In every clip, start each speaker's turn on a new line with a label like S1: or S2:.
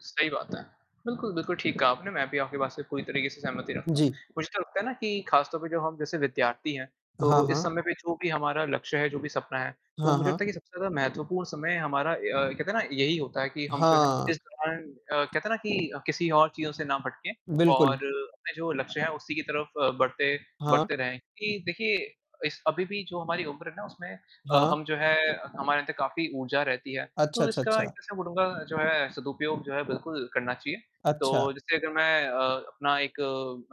S1: सही बात है। बिल्कुल, बिल्कुल ठीक कहा आपने। मैं भी आपकी बात से पूरी तरीके से सहमति रखता हूँ।
S2: जी।
S1: मुझे तो लगता है ना कि खास तौर पर जो हम जैसे विद्यार्थी हैं,
S2: हाँ,
S1: तो इस
S2: हाँ।
S1: समय पे जो भी हमारा लक्ष्य है, जो भी सपना है, तो
S2: हाँ,
S1: मुझे
S2: हाँ।
S1: लगता है कि सबसे ज़्यादा महत्वपूर्ण समय हमारा ए अ, कहते हैं ना, यही होता है कि हम जो हैं, इस
S2: हाँ।
S1: दौरान अ, कहते हैं ना कि किसी और चीज़ों से ना भटकें और
S2: बिल्कुल।
S1: अपने जो लक्ष्य हैं, उसी की तरफ बढ़ते
S2: हाँ।
S1: बढ़ते रहें। कि देखिए, इस अभी भी जो हमारी उम्र है ना, उसमें अ,
S2: हाँ।
S1: हम, जो है, हमारे अंदर काफ़ी ऊर्जा रहती है।
S2: अच्छा,
S1: तो
S2: अच्छा,
S1: इसका एक
S2: अच्छा।
S1: तरह मैं बोलूँगा, जो है, सदुपयोग जो है, बिल्कुल करना चाहिए। तो
S2: अच्छा।
S1: जैसे अगर मैं अ, अपना एक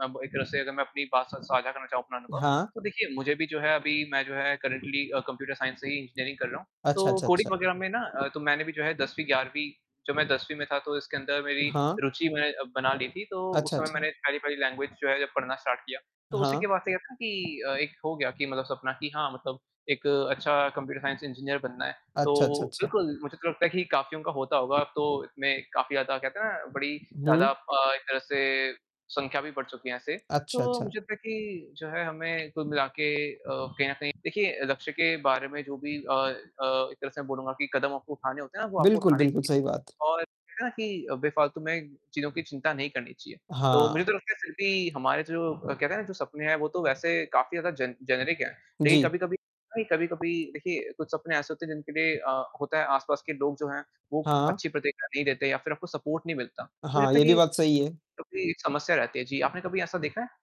S1: अब एक तरह से अगर मैं अपनी बात स साझा करना चाहूँ अपना अनुभव,
S2: हाँ।
S1: तो देखिए, मुझे भी, जो है, अभी मैं, जो है, करंटली अ, कंप्युटर साइंस ही इंजीनियरिंग कर रहा हूँ।
S2: अच्छा,
S1: तो
S2: अच्छा,
S1: कोडिंग
S2: अच्छा।
S1: वगैरह में ना, तो मैंने भी, जो है, 10वीं ग्यारहवीं जब मैं 10वीं में था, तो इसके अंदर मेरी
S2: हाँ।
S1: रुचि मैंने बना ली थी। तो उस
S2: अच्छा,
S1: समय
S2: अच्छा।
S1: मैंने पहली पहली लैंग्वेज जो है, जब पढ़ना स्टार्ट किया, तो उसी के
S2: हाँ।
S1: बाद से, कहते हैं ना कि अ, एक हो गया कि मतलब सपना कि हाँ, मतलब एक अच्छा कंप्युटर साइंस इंजीनियर बनना है। तो
S2: अच्छा, अच्छा, अच्छा।
S1: बिल्कुल, मुझे तो लगता है कि काफ़ियों का होता होगा। अब तो इसमें काफ़ी ज़्यादा, कहते हैं ना, बड़ी ज़्यादा
S2: हुँ।
S1: अ, एक तरह से संख्या भी बढ़ चुकी है ऐसे। तो
S2: अच्छा, अच्छा।
S1: मुझे लगता है कि जो है, हमें कुल मिलाके अ, कहीं न कहीं, देखिए अ, लक्ष्य के बारे में, जो भी अ अ, एक तरह से मैं बोलूँगा कि कदम आपको उठाने होते हैं ना, वो आपको
S2: बिल्कुल,
S1: उठाने
S2: बिल्कुल,
S1: चाहिए,
S2: सही बात।
S1: और कहते हैं ना कि अ, बेफ़ालतु में चीज़ों की चिंता नहीं करनी चाहिए। तो मुझे
S2: हाँ।
S1: तो लगता है, फिर भी हमारे जो अ, कहते हैं ना, जो सपने हैं, वो तो वैसे काफ़ी ज़्यादा जेन जेनरिक हैं। लेकिन
S2: जी।
S1: कभी-कभी [unintelligible] कि कभी-कभी, देखिए, कुछ सपने ऐसे होते हैं, जिनके लिए अ, होता है, आसपास के लोग जो हैं, वो
S2: हाँ।
S1: अच्छी प्रतिक्रिया नहीं देते या फिर आपको सपोर्ट नहीं मिलता। मुझे
S2: हाँ,
S1: लगता है
S2: ये
S1: कि
S2: भी बात सही है।
S1: क्योंकि समस्या रहती है। जी, आपने कभी ऐसा देखा है?